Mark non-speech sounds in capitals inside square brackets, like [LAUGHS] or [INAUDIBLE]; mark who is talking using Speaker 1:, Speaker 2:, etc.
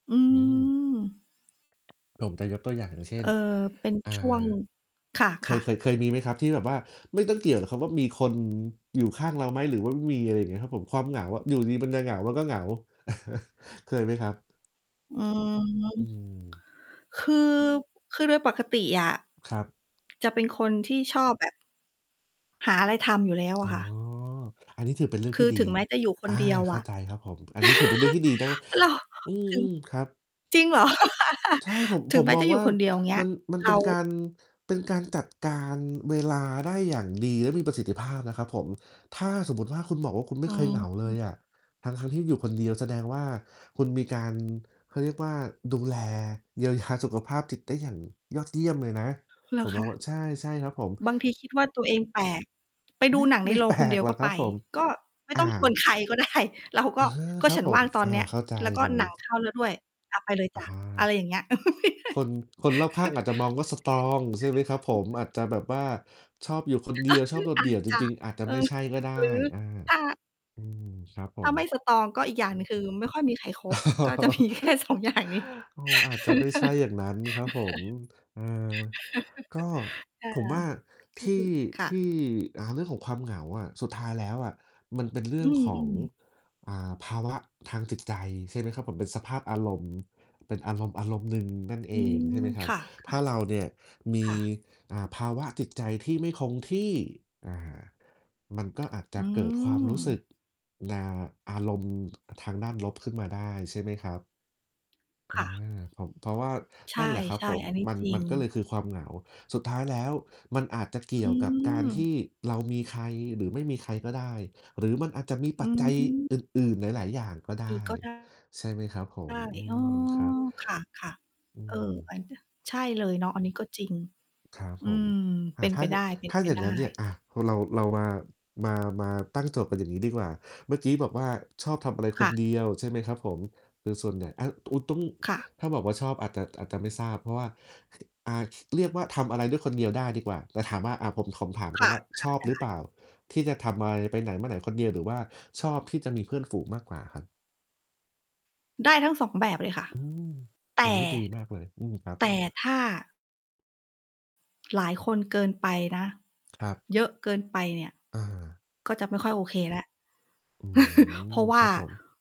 Speaker 1: อื
Speaker 2: อืม
Speaker 1: ม
Speaker 2: ผมจะยกตัวอย่าง อย่างเช่
Speaker 1: เอ
Speaker 2: น
Speaker 1: ่อ เป็น
Speaker 2: เอ่อ
Speaker 1: ช่วง ค
Speaker 2: เค
Speaker 1: ่
Speaker 2: ย
Speaker 1: ะ
Speaker 2: เค
Speaker 1: ๆ
Speaker 2: ย เคยมีไหมครับ? ที่แบบว่าไม่ต้องเกี่ยวหรอกครับว่า มีคนอยู่ข้างเราไหมหรือว่าไม่มี อะไรอย่างเงี้ยครับผม ความเหงาอะ อยู่ดี ๆ มันจะเหงา มันก็เหงา [CHUCKLES] เคยไหมครับ?
Speaker 1: อืม
Speaker 2: อืม
Speaker 1: คือ คือโดยปกติอะ
Speaker 2: ครับ
Speaker 1: จะเป็นคนที่ชอบแบบหาอะไรทำอยู่แล้ว
Speaker 2: อ๋
Speaker 1: อะ
Speaker 2: อ
Speaker 1: ค่ะ
Speaker 2: อันนี้ถือเป็นเรื่อง
Speaker 1: ค
Speaker 2: ท
Speaker 1: ื
Speaker 2: ี่
Speaker 1: อ
Speaker 2: ดี
Speaker 1: ถึงแม้จะอยู่ค
Speaker 2: อ
Speaker 1: น
Speaker 2: า
Speaker 1: เดียว
Speaker 2: เข
Speaker 1: อ
Speaker 2: ้า
Speaker 1: ะ
Speaker 2: ใจครับ ผม อันนี้ถือเป็นเรื่องที่ดีนะ
Speaker 1: [CHUCKLES] เหรอ?
Speaker 2: อื
Speaker 1: ถึง
Speaker 2: อ ๆ ครับ
Speaker 1: จริงเหรอ? [LAUGHS]
Speaker 2: ใช่ ผม
Speaker 1: ถึ
Speaker 2: ผ
Speaker 1: ง
Speaker 2: ม
Speaker 1: แม้
Speaker 2: มอ
Speaker 1: จ
Speaker 2: ง
Speaker 1: ะอยู
Speaker 2: ว
Speaker 1: ่
Speaker 2: ่า
Speaker 1: คนเดียว เงี้
Speaker 2: ม
Speaker 1: ย
Speaker 2: ัน มัน
Speaker 1: เร
Speaker 2: เป็นกา
Speaker 1: า
Speaker 2: ร เป็นการจัดการเวลาได้ อย่างดีและมีประสิทธิภาพนะครับผม ถ้าสมมุติว่า คุณบอกว่า คุณไม
Speaker 1: อื
Speaker 2: ่เคยเหงาเล
Speaker 1: ม
Speaker 2: ยอะทั้ง ๆ ที่อยู่คนเดียว แสดงว่า คุณมีการ เขาเรียกว่า ดูแลเยียว ยา สุขภาพจิตได้อย่างยอดเยี่ยมเลยนะ
Speaker 1: เหร
Speaker 2: ผ
Speaker 1: อ
Speaker 2: ม
Speaker 1: ค
Speaker 2: มองว
Speaker 1: ะ?
Speaker 2: ่า ใช่ ๆ ครับผม
Speaker 1: บางทีคิดว่าตัวเองแปลก ไปด
Speaker 2: ไ
Speaker 1: ู
Speaker 2: ม่
Speaker 1: หนังใ
Speaker 2: ไ
Speaker 1: น
Speaker 2: ม่
Speaker 1: โร
Speaker 2: แ
Speaker 1: ง
Speaker 2: ปล
Speaker 1: คนเดี
Speaker 2: ก
Speaker 1: ยว
Speaker 2: หร
Speaker 1: ก
Speaker 2: อ
Speaker 1: ็
Speaker 2: กค
Speaker 1: ไ
Speaker 2: ร
Speaker 1: ป
Speaker 2: ับผม
Speaker 1: ก็ไม่
Speaker 2: อ
Speaker 1: ต
Speaker 2: า
Speaker 1: ้องชวน ใครก็ได้ เราก
Speaker 2: เอ
Speaker 1: ็
Speaker 2: อ
Speaker 1: ก็
Speaker 2: ครั
Speaker 1: ฉ
Speaker 2: บ
Speaker 1: ัน
Speaker 2: ผ
Speaker 1: ว่
Speaker 2: ม
Speaker 1: างตอน
Speaker 2: อา
Speaker 1: เนี้ย
Speaker 2: เข้าใจ
Speaker 1: แล้วก็
Speaker 2: เล
Speaker 1: ห
Speaker 2: ย
Speaker 1: นังเข้าแล้วด้วย อะ ไปเลย
Speaker 2: อ
Speaker 1: จ
Speaker 2: า
Speaker 1: ้ะ
Speaker 2: ค
Speaker 1: อะไรอย่างเงี้ย
Speaker 2: คน คนรอบข้างอาจจะมองว่า สตรอง ใช่ไหมครับผม
Speaker 1: [CHUCKLES]
Speaker 2: อาจจะแบบว่าชอบอยู่คนเดียว ชอบโ
Speaker 1: [CHUCKLES]
Speaker 2: ดด
Speaker 1: อ
Speaker 2: เ
Speaker 1: า
Speaker 2: ดี่ย
Speaker 1: จ
Speaker 2: ว จ
Speaker 1: จะ
Speaker 2: ริง ๆ อาจจะ
Speaker 1: เอ
Speaker 2: ไม่
Speaker 1: อ
Speaker 2: ใช่ก็ได้
Speaker 1: หรือ
Speaker 2: อา
Speaker 1: ถ้า
Speaker 2: อือ ครับผ
Speaker 1: ถ้าไม
Speaker 2: ม
Speaker 1: ่ สตรอง ก็อีกอย่างหนึ่ง คือไม่ค่อยมีใครคบ ก็จะ มีแค่
Speaker 2: [CHUCKLES]
Speaker 1: 2 อย่างนี้
Speaker 2: โอ้ อาจจะไม่ใช่อย่างนั้นครับผม เออ ก็
Speaker 1: [CHUCKLES] ค่ะ
Speaker 2: ผมว่า
Speaker 1: ก
Speaker 2: ท
Speaker 1: ็
Speaker 2: ี่
Speaker 1: คือ ค่
Speaker 2: ที
Speaker 1: ะ
Speaker 2: ่ อ่า เรื่องของความเหงาอะ สุดท้ายแล้วอะมันเป็น เรื
Speaker 1: อ
Speaker 2: ่
Speaker 1: ื
Speaker 2: องของ
Speaker 1: ม ๆ
Speaker 2: อ่า ภาวะทางจิตใจ ใช่ไหมครับผม เป็นสภาพอารมณ์ เป็นอารมณ์อารมณ์ หนึ่งนั่นเอ
Speaker 1: อื
Speaker 2: ง ใช
Speaker 1: ม
Speaker 2: ่ไหมครั
Speaker 1: ค
Speaker 2: บ
Speaker 1: ่ะ
Speaker 2: ถ้า
Speaker 1: ๆ
Speaker 2: เราเนี่ยมี
Speaker 1: ค่ะ
Speaker 2: อ่า ภาวะจิตใจที่ไม่คงที่ อา มันก็อาจจ
Speaker 1: อ
Speaker 2: ะ
Speaker 1: ื
Speaker 2: เกิดความรู้สึ
Speaker 1: ม
Speaker 2: ก นา อารมณ์ ทางด้านลบขึ้นมาได้ ใช่ไหมครับ? อ
Speaker 1: ค
Speaker 2: า
Speaker 1: ่ะ
Speaker 2: ผม เพราะว่า
Speaker 1: ใช
Speaker 2: นั่นแหละครับ
Speaker 1: ่
Speaker 2: ผม
Speaker 1: ๆ อันนี้
Speaker 2: มัน
Speaker 1: จริ
Speaker 2: มันก็เลย
Speaker 1: ง
Speaker 2: คือความเหงา สุดท้ายแล้วมันอาจจะเก
Speaker 1: อ
Speaker 2: ี่
Speaker 1: ื
Speaker 2: ยวกับการท
Speaker 1: ม
Speaker 2: ี่เรามีใครหรือไม่มีใครก็ได้ หรือมันอาจจะมี
Speaker 1: อื
Speaker 2: ปัจจัย
Speaker 1: ม
Speaker 2: อื่น ๆ หลาย ๆ อย่างก็ได
Speaker 1: อีก
Speaker 2: ้
Speaker 1: ก็ ได้
Speaker 2: ใช่ไหมครับผม อื
Speaker 1: อ๋อ
Speaker 2: ม ครับ
Speaker 1: ค่ะ
Speaker 2: อื
Speaker 1: ๆ เออ
Speaker 2: ม
Speaker 1: ไปเดี๋ยว ใช่ เลยเนาะ อันนี้ก็จริง
Speaker 2: ครับ
Speaker 1: อื
Speaker 2: ผม
Speaker 1: ม
Speaker 2: อ
Speaker 1: เ
Speaker 2: ่
Speaker 1: ป
Speaker 2: า
Speaker 1: ็น
Speaker 2: ถ้
Speaker 1: ไป
Speaker 2: าเก
Speaker 1: ได
Speaker 2: อะ ถ้าอย่าง
Speaker 1: ้
Speaker 2: งั้นเนี่ย
Speaker 1: ๆ
Speaker 2: อะ พ เรา เรามา มา มาตั้งโจทย์กันอย่างงี้ดีกว่า เมื่อกี้บอกว่า ชอบทำอะไร
Speaker 1: ค
Speaker 2: ค
Speaker 1: ่
Speaker 2: น
Speaker 1: ะ
Speaker 2: เดียว ใช่ไหมครับผม? โดยส่วนใหญ่ อะ โอ้ ต้อง
Speaker 1: ค่ะ
Speaker 2: ถ้าบอกว่า ชอบอาจจะ อาจจะไม่ทราบ เพราะว่า อ่า เรียกว่า ทำอะไรด้วยคนเดียวได้ดีกว่า แต่ถามว่า อะ ผม ผมถาม
Speaker 1: ค
Speaker 2: ก่อ
Speaker 1: ่
Speaker 2: น
Speaker 1: ะ
Speaker 2: ว่า ชอบหรื
Speaker 1: ค
Speaker 2: อ
Speaker 1: ่ะ ได
Speaker 2: เ
Speaker 1: ้
Speaker 2: ปล่า? ที่จะทำอะไร ไปไหนมาไหนคนเดียว? หรือว่าชอบที่จะมีเพื่อนฝูงมากกว่าครับ?
Speaker 1: ได้ทั้ง 2 แบบเลยค่ะ
Speaker 2: อืม
Speaker 1: แต
Speaker 2: โอ้
Speaker 1: ่
Speaker 2: โฮ ดีมากเลย อืม ครับ
Speaker 1: แต่ถ้า หลายคนเกินไปนะ
Speaker 2: ครับ
Speaker 1: เยอะเกินไปเนี่ย
Speaker 2: อา
Speaker 1: ก็จะไม่ค่อยโอเคแล้ว
Speaker 2: อื
Speaker 1: [CHUCKLES] เพร
Speaker 2: ม
Speaker 1: าะว่
Speaker 2: ค
Speaker 1: า
Speaker 2: รับผม